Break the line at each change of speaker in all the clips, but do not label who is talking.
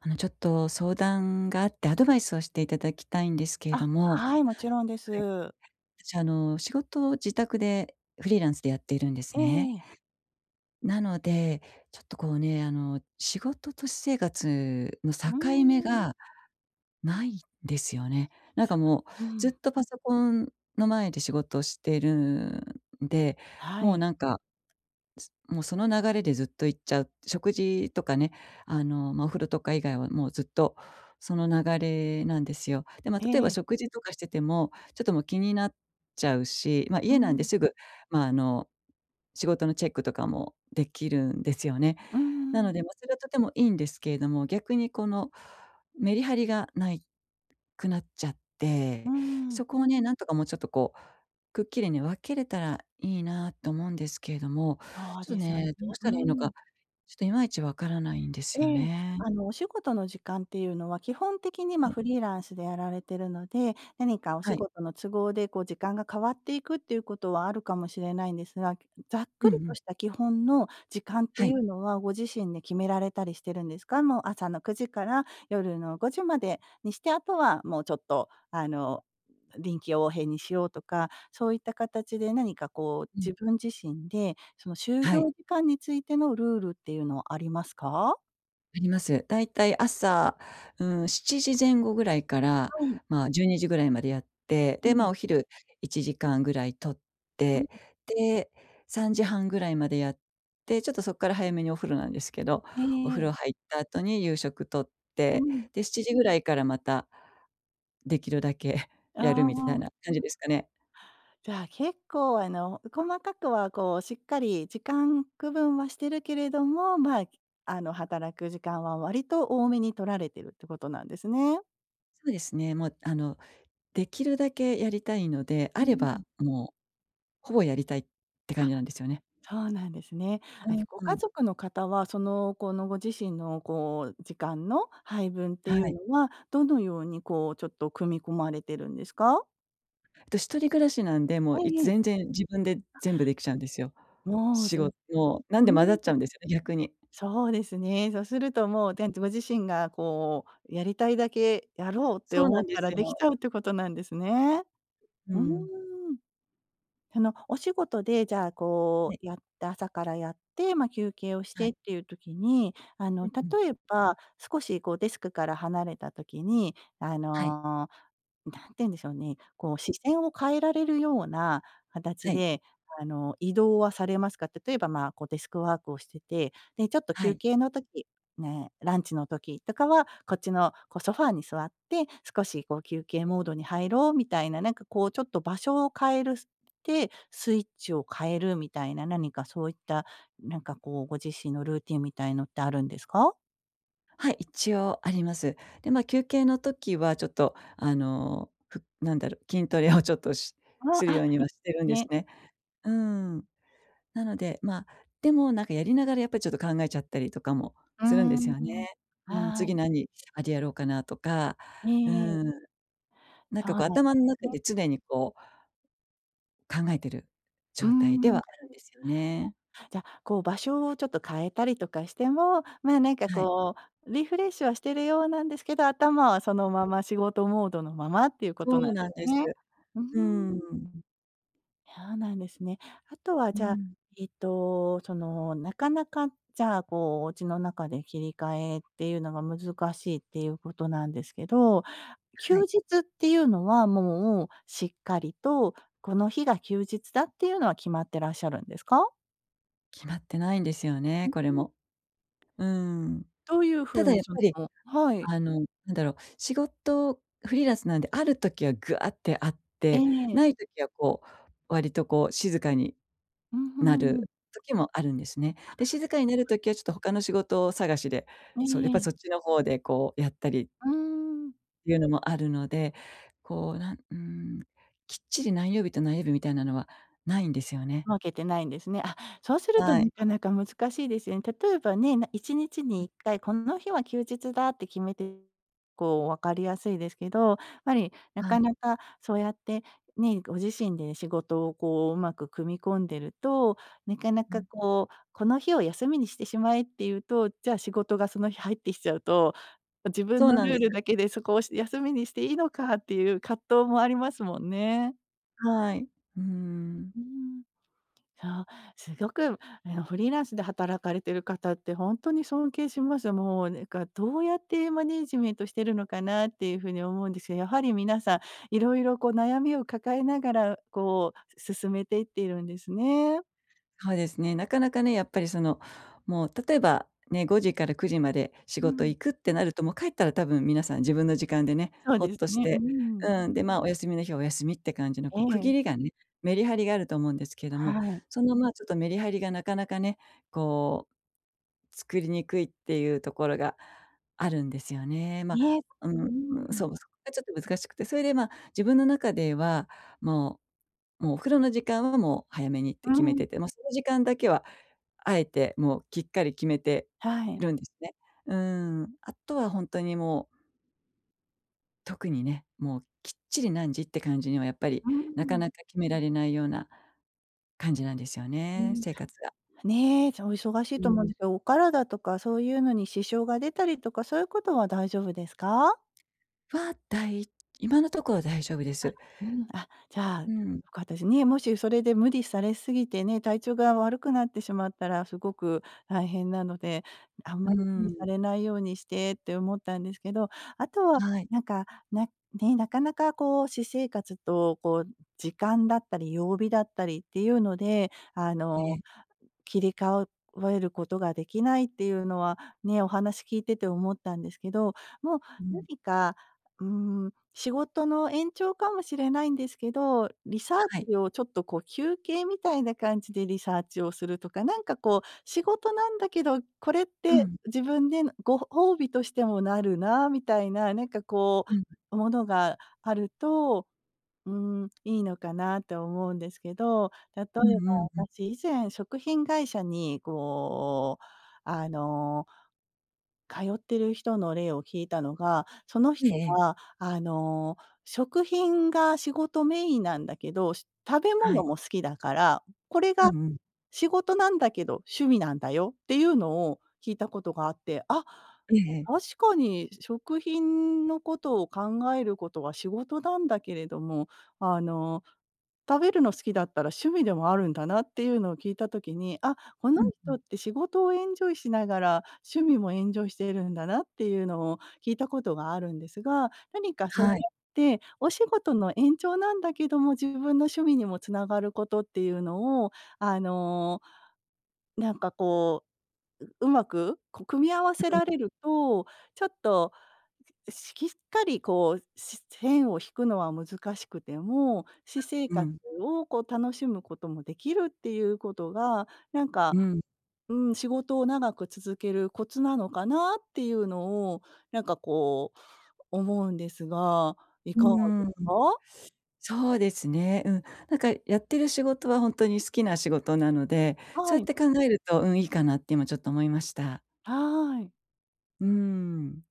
あの、ちょっと相談があって、アドバイスをしていただきたいんですけれど
あ、
も。は
は
い。
い、もちろんです。
し、あの、仕事を自宅でフリーランスでやっているんで
え
すね。
えええ。
なので、ちょっとこうね。あの、仕事と私生活の
う
境目
ん。
がないですよね。なんかもう、
う
ずっ
ん。
とパソコンの前で仕事をしてるんで。
は
もう
い。
なんかすもうその流れでずっと行っちゃう。食事とかね、あの、ま、お風呂とか以外はもうずっとその流れなんですよ。で、ま、例えば
ええ。
食事とかしてても、ちょっともう気になっちゃうし。まあ、
う
家なんで
ん。
すぐ、ま、あの、仕事のチェックとかもできるんですよね。
うん
な
うん。
ので、ま、それはとてもいいんですけれども。逆にこの、メリハリがないくなっちゃっ
う
て。
ん。
そこをね、なんとかもうちょっとこう、くっきりに分けれたらいいなと思うんですけれども。
そう
ちょっと
ですよ
ね、
ね。
どうした
う
らいいのか、
ん。
ちょっといまいちわからないんです
え
よ
え。
ね。
あの、お仕事の時間っていうのは基本的に、まあ、
はい。
フリーランスでやられてるので、何かお仕
はい。
事の都合で、こう時間が変わっていくっていうことは、あるかもしれないんですが。ざっく
うん
り
う
と
ん。
した基本の時間って
は
い
い。
うのは、ご自身で決められたりしてるんですか？もう、朝の9時から、夜の5時までにして、あとはもうちょっと、あの、臨機応変にしようとか。そういった形で何かこう、
う
自
ん。
分自身で、その就
は
業
い。
時間についてのルールっていうのはありますか？
あります。だいたい朝、うーん、7時前後ぐらいから、
はい。
ま、12時ぐらいまでやって、
は
で、ま、
い。
お昼1時間ぐらい取っ
うん。
て、で、3時半ぐらいまでやって、ちょっと、そっから早めにお風呂なんですけど、
え
お
え
風
ええ。
呂入った後に夕食取っ
う
て、
ん。
で、7時ぐらいから、また、出来るだけ
あ
やるみ
あ
たい
あ。
な感じですかね。
じゃあ、結構、あの細かくは、こう、しっかり時間区分はしてるけれども、まあ、あの、働く時間は割と多めに取られてるって事なんですね。
そうですね。もう、あの、出来るだけやりたいので、
う
あ
ー
れ
ん。
ば、もう、ほぼやりたいって感
あ、
じなんですよね。
そうなんですね。
う
あ、じ
ん
ゃ、ご
う
家
ん。
族の方は、その、この、ご自身の、こう、時間の配分ってい
は
う
い。
のは、どのように、こう、ちょっと組み込まれてるんですか？
と一人暮らしなんで、もう
え
い
え
つ
ええ。
全然自分で
あ。
全部出来ちゃうんですよ。
もう、ず
仕
っ
事、なん
う
で、混ざっち
ー
ゃ
ん。
うんですよね、逆に。
そうですね。そうすると、もう、てんとご自身が、こう、やりたいだけやろうって
そうな
思っ
んで
たら
す
出来
よ。
ちゃうって事なんですね。
う
うーん。
ん。
そのお仕事で、じゃあ、こ
はい。
う、やって、朝からやって、まあ、休憩をし
は
て
い。
って言う時に、あ
う
の、
ん
例
うん。
えば少し、こう、デスクから離れた時に、あ
はい。
の、何て言うんでしょうね、こう、視線を変えられるような形
はい。
で、あの、移動はされますか？例えば、まあ、こう、デスクワークをしてて、で、ちょっと
は
休
い。
憩の時、ね、ランチの時とかは、こっちのこうソファーに座って、少しこう休憩モードに入ろうみたいな、なんかこうちょっと場所を変えるすてスイッチを変えるみたいな、何かそういった、なんかこう、ご自身のルーティンみたいのってあるんですか？
はい、一応あります。で、ま、休憩の時はちょっとあの、ふなんだろう、筋トレをちょっとし
あ
するよ
あ、
うに
い、
はしてるんです
ね。
ね。うーん。なので、ま、でも、なんかやりながらやっぱりちょっと考えちゃったりとかも
うー
するんですよね。
ん、
うん、
は
次
い。
何、あれやろうかなとか、
え
う
え。
ーん。なん
そ
か
う
こう
な
頭ん
ん
中
ね。
で常にこう考えてる
う
状態で
ん。
はあるんですよね。
じゃあ、こう場所をちょっと変えたりとかしても、まあ、なんか
はい。
こう、リフレッシュはしているようなんですけど、頭はそ
う
の
ん。
まま仕事モードのままっていうこ
そ
となん
う
で
なん
す
です。
ね。うー
うーん。
ん。そうなんですね。あとは、
うー
じゃあ、
ん。
えっと、そのなかなか、じゃあこう、お家の中で切り替えっていうのが難しいっていうことなんですけど、
は
休
い。
日っていうのはもうしっかりと、この日が休日だっていうのは決まってらっしゃるんですか？
決まってないんですよ
う
ね、
う
これ
ーん。
も。うーん。
どういうふ
た
う
だ
に
やっ
そ
ぱり、
のはい。
あの、なんだろう、仕事フリーランスなんで、ある時はぐわってあっ
え
て、
え。
ない時はこう、割とこう静かに
うん、ふ
な
ん、うん。
る時もあるんですね。
あ、
で、静かになる
うん。
時はちょっと他の仕事探しで、
え
そう、やっぱ
え。
そっちの方でこうやったり。
うーん。
ていうのもあるので、こうなんうん、きっちり何曜日と何曜日みたいなのはないんですよね。
分けてないんですね。あ、そうすると
はい。
なかなか難しいですよね。例えばね、な、1日
う
に
ん。
1回この日は休日だって決めて、こう分かりやすいですけど、ぱり、な
あう。
かなかそうやってね、ご自身で仕事をこううまく組み込んでると、なか
ふ
な
ふ
か
ん。
こう、この日を休みにしてしまえって言うと、じゃあ仕事がその日入ってきちゃうと、こ、自分
そう
の
な
ル
ん
ー
で
ル
す。
だけでそこを、し休みにしていいのかっていう葛藤もありますもんね。
はい。うーん。
うーん。そう、すごく、あの、フリーランスで働かれてる方ってほんとに尊敬します。もうねんか、どうやってマネージメントしてるのかなっていうふうに思うんですけど、やはり皆さん いろいろこう悩みを抱えながらこう進めていっているんですね。
はうですね、なかなかね、やっぱりその、もう、例えば、ね、5時から9時まで仕
う
事
ん。
行くってなると、もう帰ったら多分皆さん自分の時間でね、
そう
ほ
で
っ
す
とし
ね。うー
てう
ん。
ーん、で、ま、お休みの日はお休みって感じの
え
こう区
え。
切りがね、メリハリがあると思うんですけども、
はい。
その、まあ、ちょっとメリハリがなかなかね、こう、作りにくいっていうところがあるんですよね。ま
にえ、
う
うー
ーん、
ん。
そう、そこがちょっと難しくて、それで、ま、自分の中では、もう、もうお風呂の時間はもう早めにっ
う
て
ー
決め
ん。
てて、もうその時間だけは、あえてもうきっかり決めて
はい。
るんですね。うーん、あとはほんとにもう特にね、もうきっちり何時って感じにはやっぱり、
うー
なか
ん。
なか決められないような、感じなんですよ
うー
ね、
ん、
生活が。
ね、じゃあお忙しい
う
と思うん
ん。
ですけど、お体とかそういうのに支障が出たりとか、そういうことは大丈夫ですか？
は、だい今のところは大丈夫で
あ、
す。
うーん、あ、じゃあ、よ
うん。
かったです、ね、もしそれで無理されすぎてね、体調が悪くなってしまったら、すごく大変なので、あん
う
ま
ー
り無理さ
ん。
れないようにしてって思ったんですけど、あとは
はい。
なんか、なね、なかなかこう私生活とこう、時間だったり曜日だったりっていうので、あ
あ
の、
え。
切り替ううえることが出来ないっていうのは、ね、お話聞いてて思ったんですけど、もう
うん。
何か、うーん、仕事の延長かもしれないんですけど、リサー
はい。
チをちょっとこう休憩みたいな感じでリサーチをするとか、なんかこう、仕事なんだけど、これっ
う
て
ん。
自分でぬご褒美としてもなるなみたいな、なんかこ
うん。
う、ものがあると、うーん、いいのかなって思うんですけど、例えば
うんうんうん。
私以前食品会社にこう、あの通ってる人の例を聞いたのが、その
ええ
人
ええ。
はあの、食品が仕事メインなんだけど、し食べ
は
物
い。
も好きだから、これ
う
が、
んうん。
仕事なんだけど、趣味なんだよっていうのを聞いたことがあって、あ
ええ
あ、
ええ。
確かに食品のことを考えることは仕事だんだけれども、あの、食べるの好きだったら、趣味でもあるんだなっていうのを聞いた時に、あ、この
うん、ふ
人
ん。
って仕事をエンジョイしながら、趣味もエンジョイしているんだなっていうのを聞いたことがあるんですが、何かそうやっ
はい。
て、お仕事の延長なんだけども、自分の趣味にも繋がることっていうのを、あの、なんかこう、う上手く？こう組み合わせ
ううん
られると、ちょっと、じしきっかりこう、し線を引くのは難しくても、
あ、
私生
う
活
ん。
をこう楽しむこともできるっていうことが、なんか、
うん。
うーん、仕事を長く続けるコツなのかなっていうのを、なんかこう、思うんですが、い
う
かがで
ー
す
ん。
か？
そうですね。うん。なんか、やってる仕事はほんとに好きな仕事なので、そ
は
うやっ
い。
て考えると、うん、いいかなって今ちょっと思いました。
はい。
うん。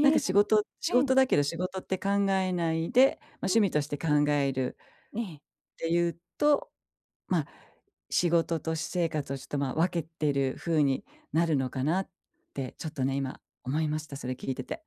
なんか仕事
う
仕
ん。
事だけど仕事って考えないで、ま、
は
趣味
い。
として考える。
ええ。
て言うと、ま、仕事と私生活をちょっと、ま、分けてる風になるのかなって、ちょっとね、今思いました、それ聞いてて。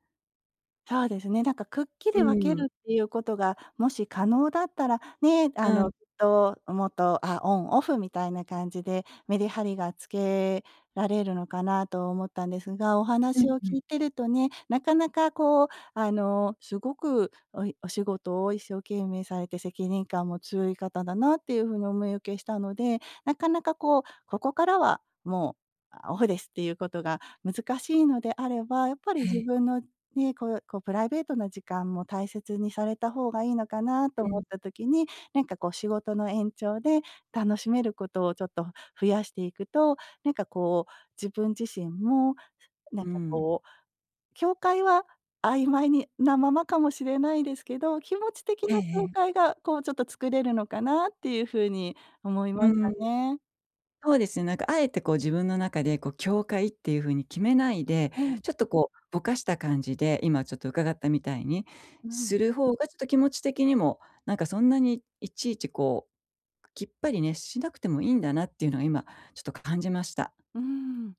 そうですね。なんかくっき
う
り分け
ん。
るっていうことがもし可能だったら、ね、あ
うん。
のきっともっと、あ、オンオフみたいな感じでメリハリがつけられるのかなと思ったんですが、お
うん
話を
う
聞
ん。
いてるとね、なかなかこうあのすごくおいお仕事を一生懸命されて責任感も強い方だなっていう風にお見受けしたので、なかなかこう、ここからはもうオフですっていうことが難しいのであれば、やっぱり
え
自
え。
分の、ね、こうこうプライベートな時間も大切にされた方がいいのかなと
う
思っ
ん。
た時に、なんかこう仕事の延長で楽しめることをちょっと増やしていくと、なんかこう、自分自身もなん
う
か
ん。
こう、境界は曖昧になままかも知れないですけど、気持ち的
え
な境
え。
界がこうちょっと作れるのかなっていうふうに思い
う
まし
ん。
たね。
そうですね。なんか敢えてこう自分の中でこう境界っていう風に決めないで、
うん。
ちょっとこう、ボカした感じで、今ちょっと伺ったみたいに
う
す
ん。
る方が、ちょっと気持ち的にも、なんかそんなにいちいちこう、キッパリね、しなくてもいいんだなっていうのは今、ちょっとか感じました。
うん、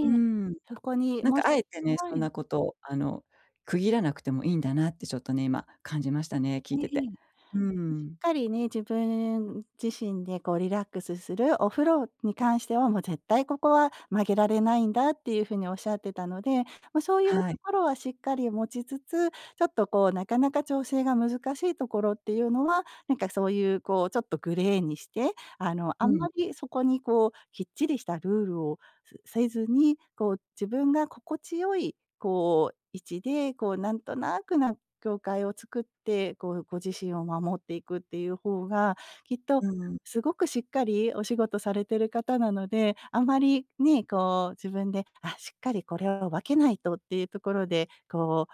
うん。
そこに、
なん
も
か
し
敢えてね、
は
そん
い。
なことあの区切らなくてもいいんだなってちょっとね、今、感じましたね、聞
う
い
んう
てて。
ん。し
うん。
っかりね、自分自身でこうリラックスする、お風呂に関しては、もう絶対ここは曲げられないんだっていう風におっしゃってたので、ま、そういうと
はい。
ころはしっかり持ちつつ、ちょっとこうなかなか調整が難しいところっていうのは、なんかそういうこうちょっとグレーにして、あの
う
あん
ん。
まりそこにこうキッチリしたルールをせせずに、こう自分が心地よいこう位置で、こうなんとなくな境界を作って、こうご自身を守っていくっていう方が、きっと、
うん。
すごくしっかりお仕事されてる方なので、あまりね、こう自分で、あ、しっかりこれを分けないとっていうところで、こう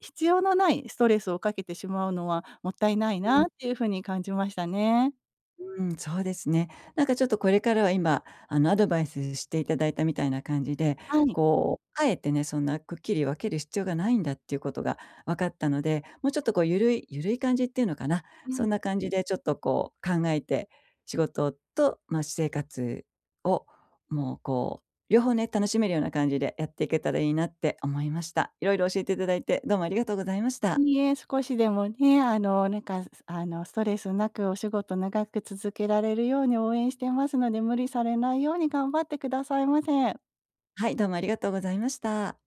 必要のないストレスをかけてしまうのはもったいない
う
なっ
ん。
ていう風に感じましたね。
うん、そうですね。なんかちょっとこれからは今、あのアドバイスして頂いたみたいな感じで、
はい。
こう敢えてね、そんなくっきり分ける必要がないんだっていうことが分かったので、もうちょっとこうユルいユルい感じっていうのかな、
う
そん
ん。
な感じでちょっとこう考えて、仕事と、ま、私生活を、もうこう両方ね、楽しめるような感じでやっていけたらいいなって思いました。いろいろ教えて頂いて、どうもありがとうございました。
いいえ、少しでもね、あのなんかすあのストレスなくお仕事を長く続けられるように応援してますので、無理されないように頑張って下さいませ。
はい、どうもありがとうございました。